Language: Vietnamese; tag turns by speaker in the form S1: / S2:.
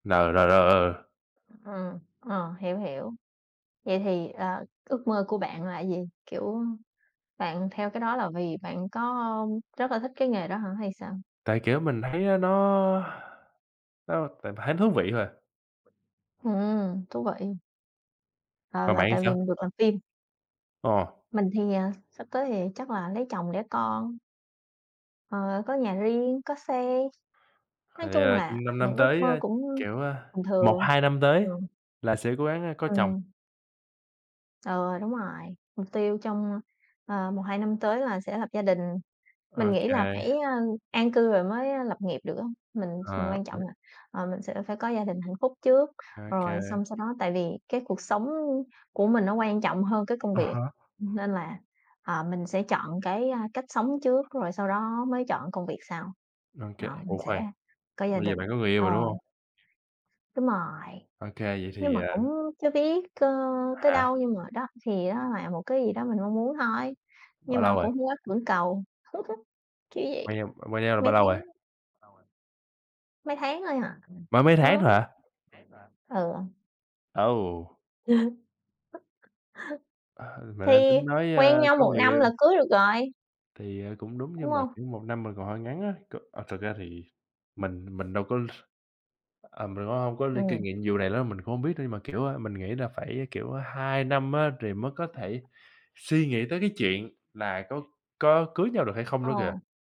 S1: Nờ rồi rồi ờ.
S2: Ờ, ờ, hiểu, hiểu. Vậy thì, ờ, ước mơ của bạn là gì? Kiểu, bạn theo cái đó là vì bạn có rất là thích cái nghề đó hả hay sao?
S1: Tại, kiểu, mình thấy á, nó nó tại mình thấy nó thú vị thôi à.
S2: Ừm, thú vị. Ờ,
S1: Còn
S2: là
S1: bạn thì
S2: tại vì
S1: sao?
S2: mình được làm phim?
S1: Ờ.
S2: Mình thì, ờ, sắp tới thì chắc là lấy chồng đẻ con. Ờ, có nhà riêng, có xe,
S1: Thì,
S2: nói chung
S1: ờ,
S2: là
S1: trong 5 năm
S2: những ước
S1: tới
S2: mơ
S1: á,
S2: cũng
S1: kiểu, ơ,
S2: bình
S1: một
S2: thường.
S1: hai năm tới
S2: Ừm.
S1: là sẽ cố gắng, a, có chồng.
S2: Ừm. Ừ, đúng rồi, mục tiêu trong, ờ, 1-2 năm tới là sẽ lập gia đình.
S1: Ô
S2: Mình nghĩ là
S1: kê.
S2: phải, a, an cư rồi mới, a, lập nghiệp được á. Mình s
S1: Ờ,
S2: quan trọng
S1: ừm.
S2: là, ờ, mình sẽ phải có gia đình hạnh phúc trước,
S1: Ô
S2: rồi
S1: kê.
S2: xong sau đó tại vì cái cuộc sống của mình nó quan trọng hơn cái công
S1: À
S2: việc
S1: há.
S2: nên là, ờ, mình sẽ chọn cái, a, cách sống trước rồi sau đó mới chọn công việc sau.
S1: OK,
S2: Ờ, mình
S1: ủa
S2: sẽ
S1: khoan,
S2: có gia
S1: bây giờ
S2: đình
S1: bạn có người yêu
S2: ờ,
S1: rồi, đúng không?
S2: đúng rồi,
S1: Ô kê, vậy
S2: nhưng
S1: thì,
S2: mà cũng
S1: ờ
S2: chưa biết, cơ, tới
S1: Hả?
S2: đâu, nhưng mà, đó, thì đó là một cái gì đó mình mong muốn thôi, nhưng
S1: Bao lâu
S2: mà
S1: rồi?
S2: cũng hông có cưỡng cầu, kiểu
S1: Quen
S2: vậy.
S1: nhau quen nhau được bao
S2: Mấy
S1: lâu
S2: tháng
S1: rồi?
S2: mấy tháng thôi à,
S1: Mới mấy tháng thôi
S2: mới.
S1: hả?
S2: Ừ.
S1: Ồ! Ừ, mình đang
S2: Thì
S1: tính nói, ơ,
S2: quen nhau
S1: có
S2: 1
S1: người
S2: năm là
S1: yêu.
S2: cưới được rồi.
S1: Thì, ờ, cũng đúng,
S2: Đúng
S1: nhưng mà,
S2: không?
S1: kiểu, 1 năm mình còn hơi ngắn á. C ờ, thực ra thì mình mình đâu có ờ, mình cũng hông có linh kinh
S2: Ừm.
S1: nghiệm vụ này nữa, mình cũng hông biết, nhưng mà kiểu, ơ, mình nghĩ là phải, kiểu, 2 năm á, thì mới có thể suy nghĩ tới cái chuyện là có có cưới nhau được hay không nữa kìa.
S2: Ờ.